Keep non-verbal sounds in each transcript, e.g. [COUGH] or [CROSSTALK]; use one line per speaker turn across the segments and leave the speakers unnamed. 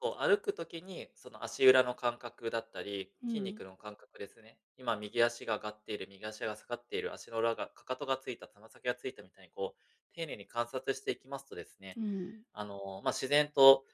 こう、歩く時に、その、足裏の感覚だったり、
う
筋
ん。
肉の感覚ですね。今、右足が上がっている、右足が下がっている、足の裏が、かかとが着いた、たな先が着いた、みたいに、こう、丁寧に観察していきますとですね、
うん。
あの、ま、自然と、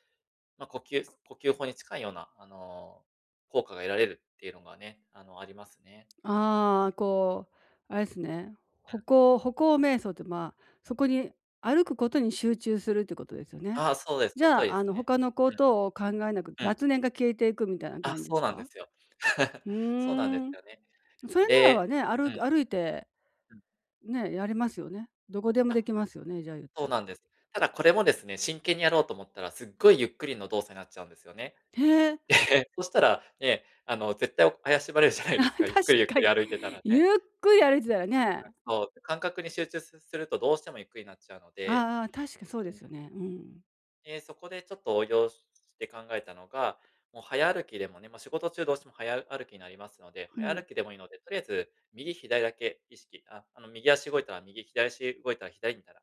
ま、呼吸呼吸法に近いような、あの、効果が得られるっていうのがね、あの、ありますね。
ああ、こう、あれっすね。歩
うん。
行歩行瞑想て、まあ、そこに歩くことに集中するってことですよね。
ああ、そうです。
じ
その通り
ゃあ、
で
あ
す
の、
ね。
他の
う
事を考えなく、
ん。うん。
雑念が消えていくみたいな
あ、
感じで
そ
す
うなんで
か？
すよ。[LAUGHS]
ふ
そうなんで
ー
す
ん。
よね。
それならば
で
ね、あ
う
る
ん。
歩いて、
うん。
ね、やりますよね。何処でも
あ、
出来ますよね、じゃあ、ゆっ
そ
た
う
ら。
なんです。ただ、これもですね、真剣にやろうと思ったら、すっごい、ゆっくりの動作になっちゃうんですよね。
へえ。
で、そしたら、ね、あの、絶対、怪しまれるじゃない
あ、
です
確
か。ゆっくり、ゆっ
か
くり
に。
歩いてたら
ゆ
ね。
っくり歩いてたら
あ、
ね。
そう。感覚に集中すすると、どうしてもゆっくりになっちゃうの
あ
で
あ、ああ、確かそうで
う
す
ん。
よね。うーん。
で、そこで、ちょっと応用しして考えたのが、もう早歩きでもねま、仕事中どうしても早歩きになりますので、
う
早
ん。
歩きでもいいので取り合えず、右左だけ意識あ、あの、右足動いたら右、左足動いたら左、みたいな。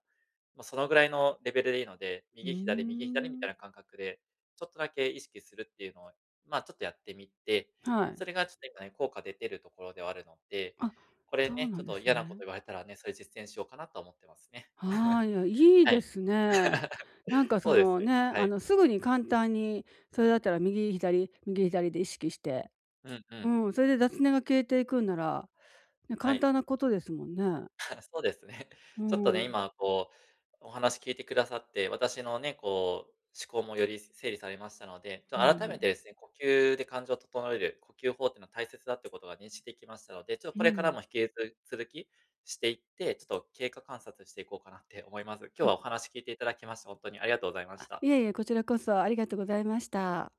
ま、そのぐらいのレベルでいいので、
うー
右左、右左みたい
ん。
な感覚でちょっとだけ意識するっていうのは、まあ、ちょっとやってみて、
はい。
それが、ちょっと今ね、効果出てるところではあるので。
あ、
これ
そう
ね、
な
ちょ
ん
っ
で
と
す
嫌なこと
ね。
言われたらね、それ実践しようかな、とは思ってますね。
は
[CHUCKLES]
い、いや、いい
は
で
い。
すね。なん
[LAUGHS]
か、
そ
そ
うで
の、
す。
ね、
は
あ
い。
の、すぐ
うん。
に簡単に
う
それ
ん。
だったら、右左、右左で意識して。
うんう
う
ん。
ん、それで雑念が消えていくんなら、ね、
は
簡
い。
単なことですもんね。
[CHUCKLES] そうですね。
うー
ちょっとね、
ん。
今、こう、お話聞いて下さって、私のね、こう、思考もより整理されましたので、ちょ
いえ
改
い
めて
え。
ですね、呼吸で感情を整える呼吸法ってのは大切だってことが認識出来ましたので、ちょっ、
ふ
これからも
ん。
引きつ続きしていって、ちょっと経過観察していこうかなって思います。今日
や
はお話聞いて頂きまして、ほんとにありがとうございまし
あ、
た。
いえいえ、こちらこそ、ありがとございました。